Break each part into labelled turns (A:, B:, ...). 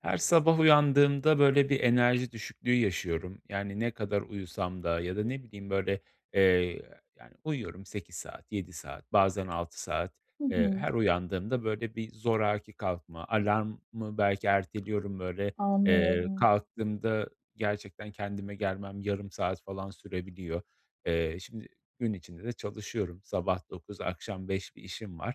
A: Her sabah uyandığımda böyle bir enerji düşüklüğü yaşıyorum, yani ne kadar uyusam da ya da ne bileyim böyle, eee, yani, uyuyorum 8 saat, 7 saat, bazen 6 saat,
B: Hı
A: eee,
B: hı.
A: her uyandığımda böyle bir zoraki kalkma, alarmı belki erteliyorum böyle, eee,
B: Anlıyorum.
A: kalktığımda gerçekten kendime gelmem yarım saat falan sürebiliyor. Eee, şimdi gün içinde de çalışıyorum, sabah 9 akşam 5 bir işim var.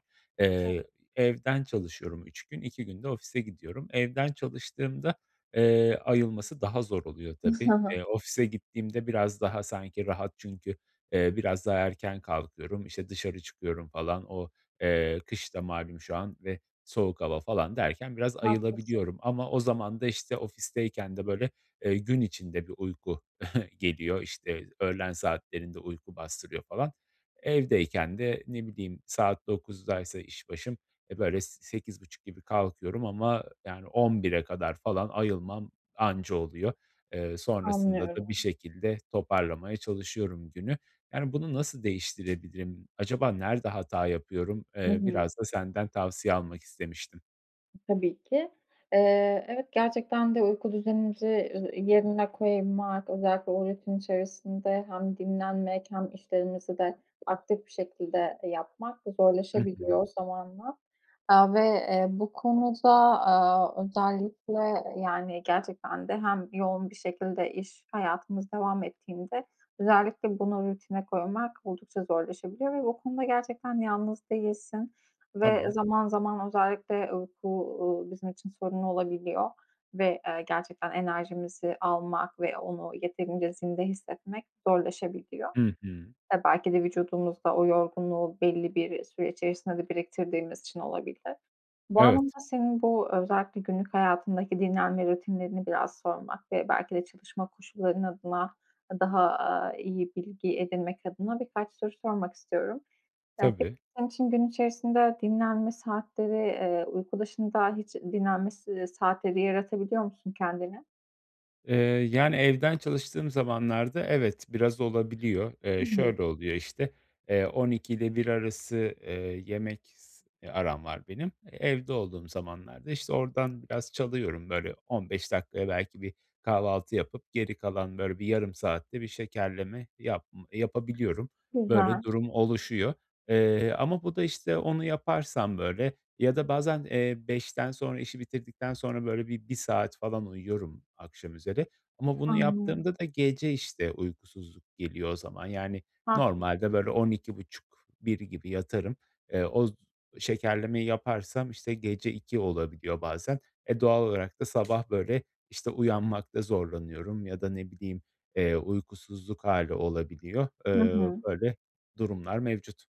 B: [unintelligible]
A: Eee, evden çalışıyorum 3 gün, 2 gün de ofise gidiyorum. Evden çalıştığımda, eee, ayılması daha zor oluyor tabii. Eee, ofise gittiğimde biraz daha sanki rahat çünkü, eee, biraz daha erken kalkıyorum, işte dışarı çıkıyorum falan, o, eee, kış da malum şu an ve soğuk hava falan derken biraz
B: Haklısın.
A: ayılabiliyorum. Ama o zaman da işte ofisteyken de böyle, eee, gün içinde bir uyku geliyor. İşte, öğlen saatlerinde uyku bastırıyor falan. Evdeyken de ne bileyim saat 9'daysa işbaşım, eee, böyle s sekiz buçuk gibi kalkıyorum ama, yani, 11'e kadar falan ayılmam anca oluyor. Eee, sonrasında da bir
B: Anlıyorum.
A: şekilde toparlamaya çalışıyorum günü. Yani bunu nasıl değiştirebilirim? Acaba nerede hata yapıyorum?
B: Hı
A: Eee,
B: hı.
A: biraz da senden tavsiye almak istemiştim.
B: Tabii ki. Eee, evet, gerçekten de uyku düzenimizi, eee, yerine koymak, özellikle o rutin içerisinde hem dinlenmek hem işlerimizi de aktif bir şekilde yapmak
A: Hı hı.
B: zorlaşabiliyor zamanla. Aaa, ve, eee, bu konuda, aaa, özellikle, yani, gerçekten de hem yoğun bir şekilde iş hayatımız devam ettiğinde özellikle bunu rutine koymak oldukça zorlaşabiliyor ve bu konuda gerçekten yalnız değilsin ve
A: Tamam.
B: zaman zaman, özellikle, eee, bu, uuu, bizim için sorunlu olabiliyor ve, eee, gerçekten enerjimizi almak ve onu yeterince zinde hissetmek zorlaşabiliyor.
A: Hı hı.
B: Ya, belki de vücudumuzda o yorgunluğu belli bir süre içerisinde de biriktirdiğimiz için olabilir. Bu
A: Evet.
B: anlamda senin bu özellikle günlük hayatındaki dinlenme rutinlerini biraz sormak ve belki de çalışma koşulların adına daha, aaa, iyi bilgi edinmek adına birkaç soru sormak istiyorum. Eee, peki,
A: Tabii.
B: sen için gün içerisinde dinlenme saatleri, eee, uyku dışında hiç dinlenme s ııı, saatleri yaratabiliyor musun kendine?
A: Eee, yani, evden çalıştığım zamanlarda evet, biraz olabiliyor.
B: Hı
A: Eee,
B: hı.
A: şöyle oluyor, işte, eee, 12'yle 1 arası, eee, yemek s eee, aram var benim. Evde olduğum zamanlarda, işte, oradan biraz çalıyorum, böyle, 15 dakikaya belki bir kahvaltı yapıp geri kalan, böyle, bir yarım saatte bir şekerleme yapm yapabiliyorum. Böyle
B: Güzel.
A: durum oluşuyor, eee, ama bu da, işte, onu yaparsam, böyle ya da bazen, eee, 5'ten sonra, işi bitirdikten sonra, böyle, bir 1 saat falan uyuyorum akşamüzeri. Ama bunu
B: Anlıyorum.
A: yaptığımda da gece, işte, uykusuzluk geliyor o zaman. Yani,
B: Haklıs
A: normalde, böyle, 12.30-1.00 gibi yatarım, eee, oz şekerlemeyi yaparsam, işte, gece 02.00 olabiliyor bazen. E, doğal olarak da sabah, böyle, işte, uyanmakta zorlanıyorum ya da ne bileyim, eee, uykusuzluk hâli olabiliyor,
B: Hı
A: eee,
B: hı.
A: böyle durumlar mevcut.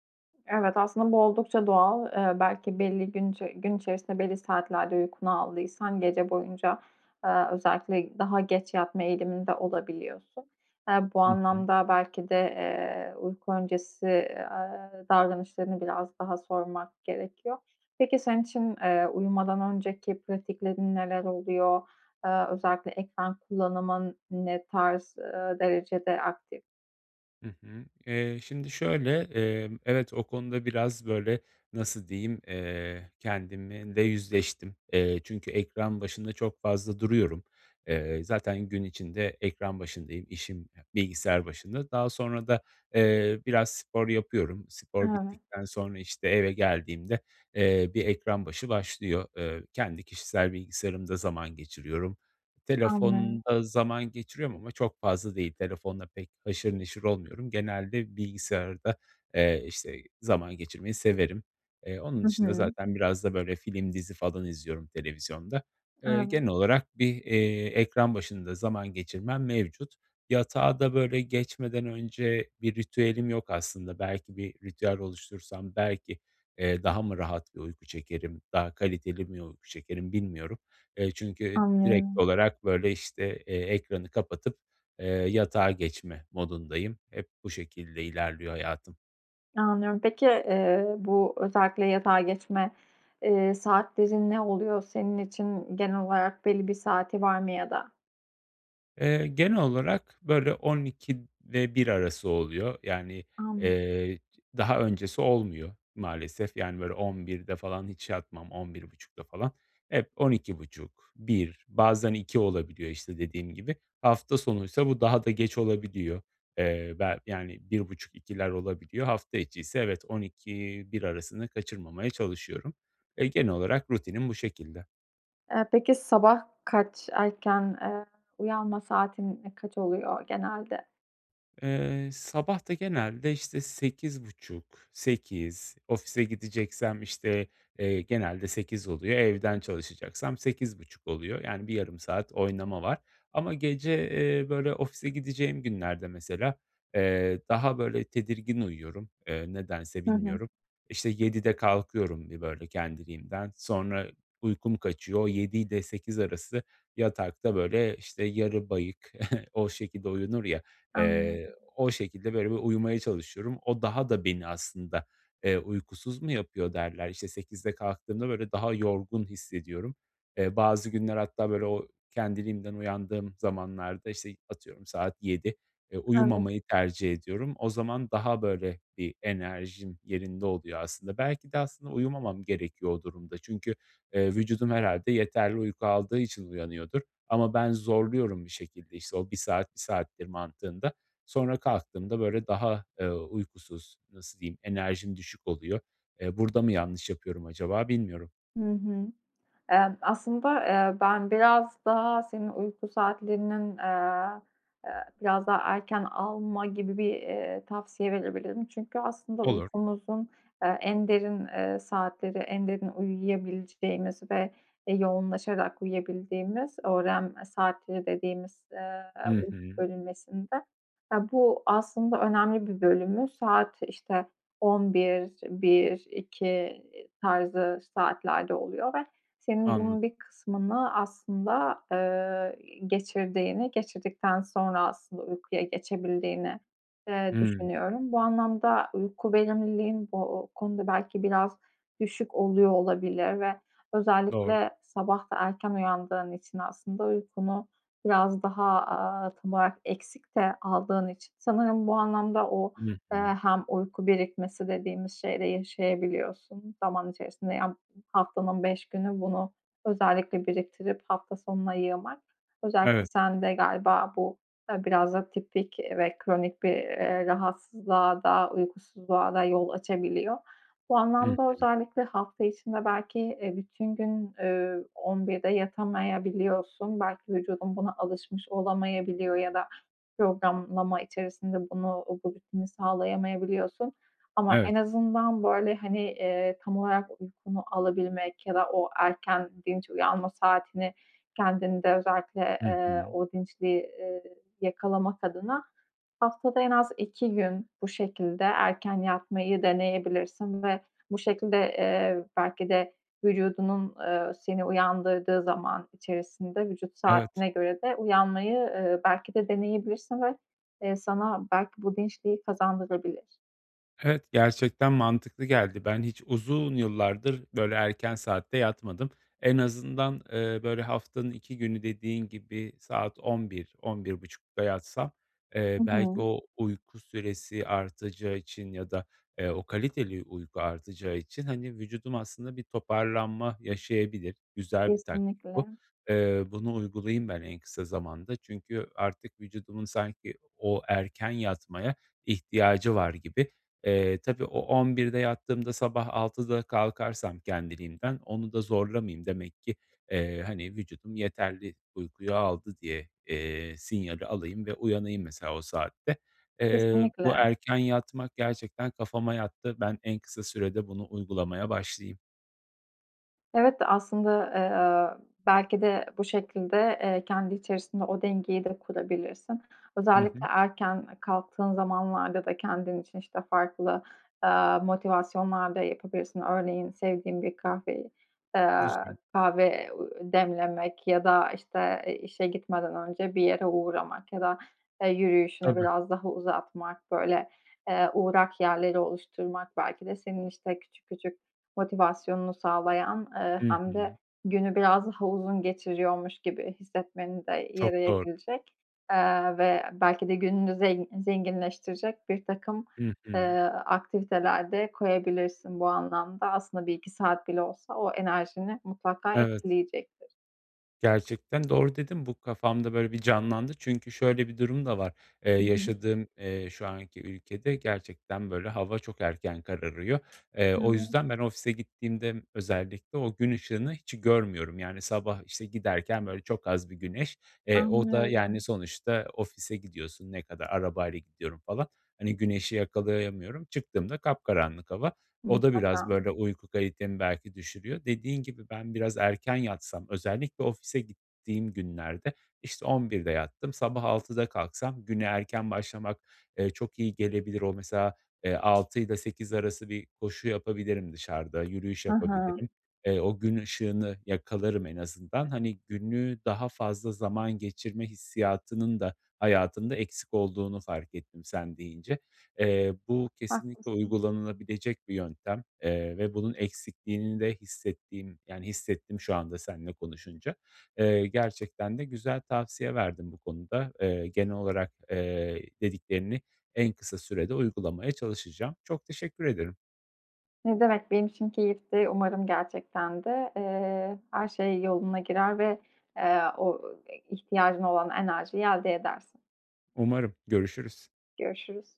B: Evet, aslında bu oldukça doğal. Eee, belki belli gün içe gün içerisinde belli saatlerde uykunu aldıysan, gece boyunca, eee, özellikle daha geç yatma eğiliminde olabiliyorsun. Eee, bu
A: Hı hı.
B: anlamda belki de, eee, uyku öncesi, eee, aaa, davranışlarını biraz daha sormak gerekiyor. Peki senin için, eee, uyumadan önceki pratiklerin neler oluyor? Eee, özellikle ekran kullanımın ne tarz, eee, derecede aktif?
A: Hı hı. Eee, şimdi şöyle, eee, evet o konuda biraz böyle, nasıl diyeyim, eee, kendimle yüzleştim, eee, çünkü ekran başında çok fazla duruyorum. Eee, zaten gün içinde ekran başındayım, işim bilgisayar başında. Daha sonra da, eee, biraz spor yapıyorum. Spor
B: Evet.
A: bittikten sonra, işte, eve geldiğimde, eee, bir ekran başı başlıyor. Eee, kendi kişisel bilgisayarımda zaman geçiriyorum.
B: Anlıyorum.
A: Telefonda zaman geçiriyorum ama çok fazla değil. Telefonla pek haşır neşir olmuyorum. Genelde bilgisayarda, eee, işte, zaman geçirmeyi severim. Eee, onun
B: Hı
A: dışında
B: hı.
A: zaten biraz da böyle film, dizi falan izliyorum televizyonda. Eee,
B: Evet.
A: genel olarak bir, eee, ekran başında zaman geçirmem mevcut. Yatağa da böyle geçmeden önce bir ritüelim yok aslında. Belki bir ritüel oluştursam belki, eee, daha mı rahat bir uyku çekerim, daha kaliteli mi uyku çekerim, bilmiyorum. Eee, çünkü direkt
B: Anlıyorum.
A: olarak böyle, işte, eee, ekranı kapatıp, eee, yatağa geçme modundayım. Hep bu şekilde ilerliyor hayatım.
B: Anlıyorum. Peki, eee, bu özellikle yatağa geçme, eee, saatlerin ne oluyor? Senin için genel olarak belli bir saati var mı ya da?
A: Eee, genel olarak böyle 00.00 ve 1.00 arası oluyor. Yani,
B: Anlıyo
A: eee, daha öncesi olmuyor maalesef. Yani, böyle 23.00'te falan hiç yatmam, 23.30'da falan. Hep 00.30-1.00 bazen 2.00 olabiliyor işte, dediğim gibi. Hafta sonuysa bu daha da geç olabiliyor. Eee, bel yani, 1.30-2.00'ler olabiliyor. Hafta içiyse, evet, 00.00-1.00 arasını kaçırmamaya çalışıyorum. Eee, genel olarak rutinim bu şekilde.
B: Eee, peki sabah kaç? Erken, eee, uyanma saatin kaç oluyor genelde?
A: Eee, sabah da genelde işte 8.30, 8.00. Ofise gideceksem, işte, eee, genelde 8.00 oluyor, evden çalışacaksam 8.30 oluyor. Yani, bir yarım saat oynama var ama gece, eee, böyle, ofise gideceğim günlerde mesela, eee, daha böyle tedirgin uyuyorum, eee, nedense
B: Hı hı.
A: bilmiyorum. İşte 7.00'de kalkıyorum bir böyle kendiliğimden. Sonra uykum kaçıyor, o, 7.00 ile 8.00 arası yatakta, böyle, işte, yarı bayık, o şekilde uyunur ya, eee,
B: Anladım.
A: o şekilde böyle bir uyumaya çalışıyorum. O daha da beni aslında, eee, uykusuz mu yapıyor derler. İşte 8.00'de kalktığımda böyle daha yorgun hissediyorum. Eee, bazı günler hatta böyle, o kendiliğimden uyandığım zamanlarda, işte, atıyorum, saat 7.00, eee,
B: Evet.
A: uyumamayı tercih ediyorum. O zaman daha böyle bir enerjim yerinde oluyor aslında. Belki de aslında uyumamam gerekiyor o durumda çünkü, eee, vücudum herhâlde yeterli uyku aldığı için uyanıyordur. Ama ben zorluyorum bir şekilde işte o, "1 saat, 1 saattir." mantığında. Sonra kalktığımda böyle daha, eee, uykusuz, nasıl diyeyim, enerjim düşük oluyor. Eee, burada mı yanlış yapıyorum acaba? Bilmiyorum.
B: Hı hı. Eee, aslında, eee, ben biraz daha senin uyku saatlerinin, eee, eee, biraz daha erken alma gibi bir, eee, tavsiye verebilirim çünkü aslında
A: Olur.
B: uykumuzun, eee, en derin, eee, saatleri, en derin uyuyabileceğimiz ve, eee, yoğunlaşarak uyuyabildiğimiz, "öğrenme saatleri" dediğimiz, eee,
A: Hı
B: uyku
A: hı.
B: bölünmesinde, eee, bu aslında önemli bir bölümü, saat işte 23.00, 1.00, 2.00 tarzı saatlerde oluyor ve senin bunun
A: Anladım.
B: bir kısmını aslında, eee, geçirdiğini, geçirdikten sonra aslında uykuya geçebildiğini, eee,
A: Hmm.
B: düşünüyorum. Bu anlamda uyku verimliliğin bu konuda belki biraz düşük oluyor olabilir ve
A: Doğru.
B: özellikle sabah da erken uyandığın için aslında uykunu biraz daha, aaa, tam olarak eksik de aldığın için sanırım bu anlamda o,
A: Hı
B: eee,
A: hı.
B: hem uyku birikmesi dediğimiz şeyi de yaşayabiliyorsun zaman içerisinde. Ya, bu, haftanın 5 günü bunu özellikle biriktirip hafta sonuna yığmak, özellikle
A: Evet.
B: sende galiba bu biraz da tipik ve kronik bir, eee, rahatsızlığa da, uykusuzluğa da yol açabiliyor. Bu
A: Hı
B: anlamda
A: hı.
B: özellikle hafta içinde belki, eee, bütün gün, eee, 23.00'de yatamayabiliyorsun, belki vücudun buna alışmış olamayabiliyor ya da programlama içerisinde bunu, o rutini sağlayamayabiliyorsun. Ama
A: Evet.
B: en azından böyle, hani, eee, tam olarak uykunu alabilmek ya da o erken, dinç uyanma saatini kendinde özellikle,
A: Hı
B: eee,
A: hı.
B: o dinçliği, eee, yakalamak adına haftada en az 2 gün bu şekilde erken yatmayı deneyebilirsin. Ve bu şekilde, eee, belki de vücudunun, eee, seni uyandırdığı zaman içerisinde vücut
A: Evet.
B: saatine göre de uyanmayı, ııı, belki de deneyebilirsin ve, eee, sana belki bu dinçliği kazandırabilir.
A: Evet, gerçekten mantıklı geldi. Ben hiç uzun yıllardır böyle erken saatte yatmadım. En azından, eee, böyle, haftanın 2 günü, dediğin gibi, saat 23.00-23.30'da yatsam,
B: Hı
A: eee, belki
B: hı.
A: o uyku süresi artacağı için ya da, eee, o kaliteli uyku artacağı için, hani, vücudum aslında bir toparlanma yaşayabilir. Güzel bir taktik bu.
B: Kesinlikle.
A: Eee, bunu uygulayayım ben en kısa zamanda çünkü artık vücudumun sanki o erken yatmaya ihtiyacı var gibi. Eee, tabii o on birde yattığımda sabah 6.00'da kalkarsam kendiliğimden, onu da zorlamayayım demek ki, eee, hani, vücudum yeterli uykuyu aldı diye, eee, sinyali alayım ve uyanayım mesela o saatte. Eee, bu
B: Kesinlikle.
A: erken yatmak gerçekten kafama yattı. Ben en kısa sürede bunu uygulamaya başlayayım.
B: Evet de, aslında, eee, belki de bu şekilde, eee, kendi içerisinde o dengeyi de kurabilirsin.
A: Hı
B: Özellikle
A: hı.
B: erken kalktığın zamanlarda da kendin için, işte, farklı, eee, motivasyonlar da yapabilirsin. Örneğin, sevdiğin bir kahveyi, eee,
A: Güzel.
B: kahve demlemek ya da, işte, eee, işe gitmeden önce bir yere uğramak ya da, eee, yürüyüşünü
A: Tabii.
B: biraz daha uzatmak, böyle, eee, uğrak yerleri oluşturmak belki de senin, işte, küçük küçük motivasyonunu sağlayan, eee,
A: Hı
B: hem de
A: hı.
B: günü biraz daha uzun geçiriyormuş gibi hissetmeni de
A: Çok doğru.
B: yarayabilecek, eee, ve belki de gününü zen zenginleştirecek birtakım,
A: Hı hı.
B: eee, aktiviteler de koyabilirsin bu anlamda. Aslında 1-2 saat bile olsa o enerjini mutlaka
A: Evet.
B: etkileyecektir.
A: Gerçekten doğru dedin, bu kafamda, böyle, bir canlandı çünkü şöyle bir durum da var, eee,
B: Hı hı.
A: yaşadığım, eee, şu anki ülkede gerçekten, böyle, hava çok erken kararıyor. Eee, o
B: [unintelligible]
A: yüzden ben ofise gittiğimde özellikle, o gün ışığını hiç görmüyorum, yani, sabah, işte, giderken, böyle, çok az bir güneş, eee, o da, yani,
B: Anlıyorum.
A: sonuçta ofise gidiyorsun, ne kadar arabayla gidiyorum falan, hani, güneşi yakalayamıyorum. Çıktığımda kapkaranlık hava, o da biraz,
B: Mutlaka.
A: böyle, uyku kalitemi belki düşürüyor. Dediğin gibi ben biraz erken yatsam özellikle ofise gittiğim günlerde, işte, 11.00'de yattım. Sabah 6.00'da kalksam güne erken başlamak, eee, çok iyi gelebilir. O, mesela, eee, 6'yla 8 arası bir koşu yapabilirim dışarıda, yürüyüş
B: Hı hı.
A: yapabilirim. Eee, o gün ışığını yakalarım en azından. Hani, günü daha fazla zaman geçirme hissiyatının da hayatımda eksik olduğunu fark ettim sen deyince. Eee, bu kesinlikle
B: Haklısın.
A: uygulanılabilecek bir yöntem, eee, ve bunun eksikliğini de hissettiğim yani, hissettim şu anda seninle konuşunca. Eee, gerçekten de güzel tavsiye verdin bu konuda. Eee, genel olarak, eee, dediklerini en kısa sürede uygulamaya çalışacağım. Çok teşekkür ederim.
B: Ne demek, benim için keyifti. Umarım gerçekten de, eee, her şey yoluna girer ve, eee, o, ııı, ihtiyacın olan enerjiyi elde edersin.
A: Umarım, görüşürüz.
B: Görüşürüz.